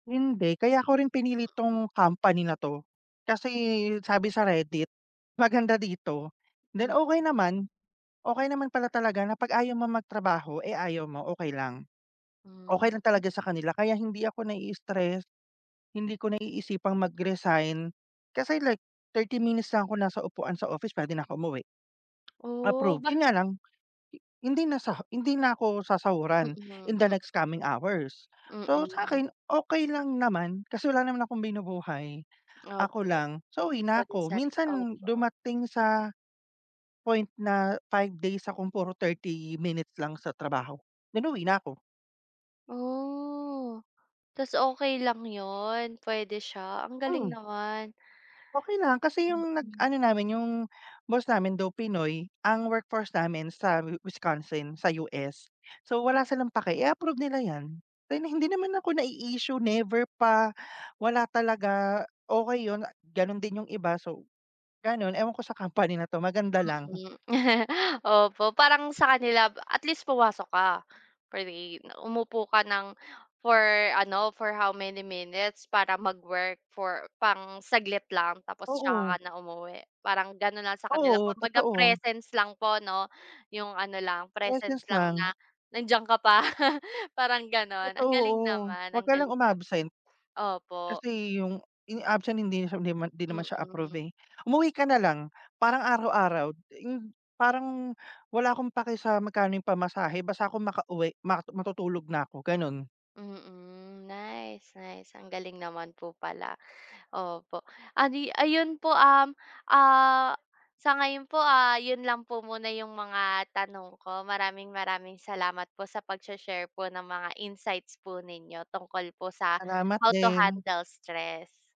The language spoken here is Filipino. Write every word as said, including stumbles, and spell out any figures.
Hindi kaya ko rin pinili Mm. tong company na to, kasi sabi sa Reddit, maganda dito, then Mm. okey naman. Okey naman pala talaga na pag ayaw mo mag-trabaho, eh, ayaw mo okey lang. Hmm. Okey lang talaga sa kanila kaya hindi ako na i-stress, hindi ko naiisipang mag-resign, kasi like thirty minutes lang ako nasa upuan sa office pwede na ako umuwi. Oh Approve, ba yun nga lang, hindi na sa hindi na ako sasahuran, Mm, in the mm. next coming hours, so Mm. sakin, okey lang naman kasi wala naman akong binubuhay, ako Opo. lang, so uwi na ako Bansari minsan opo. dumating sa, point na, five days akong puro thirty minutes lang sa trabaho, then uwi na ako. Oh, tas okey lang 'yon, puwede siya, ang galing Hmm. naman. Okey lang kasi yung nag Mm. ano namin yung boss namin though pinoy, ang workforce namin sa Wisconsin sa U-S so wala silang paki i-approve nila yan, rin hindi naman ako nai-issue never pa, wala talaga, okey yun, ganun din yung iba so, ganun ewan ko sa company na to maganda lang. Mm, opo parang sa kanila at least pumasok ka pa rin umupo ka ng, for ano, for how many minutes para mag-work for pang-saglit lang tapos saka ka Oo. na umuwi parang gano'n lang sa kanila Oo kumbaga totoo. presence lang po 'no? 'Yong ano lang, presence Presence lang na lang. nandiyan ka pa parang gano'n ang Totoo galing oo, naman, wag ang ka lang galing naman, um-absent. opo. Kasi yung in absent hindi na siya hindi naman hindi naman Mm. siya approve, Opo. eh, umuwi ka na lang parang araw-araw yung parang wala akong paki sa magkano yung pamasahe basta ako makauwi matu matutulog na ako ganon. Mm, nice, nice ang galing naman po pala, opo, ah, di ayun po, um, ah, sa ngayon po, ah, yun lang po muna yung mga tanong ko, maraming-maraming salamat po sa pag-shi-share po ng mga insights po ninyo tungkol po sa Salamat how to din. handle stress.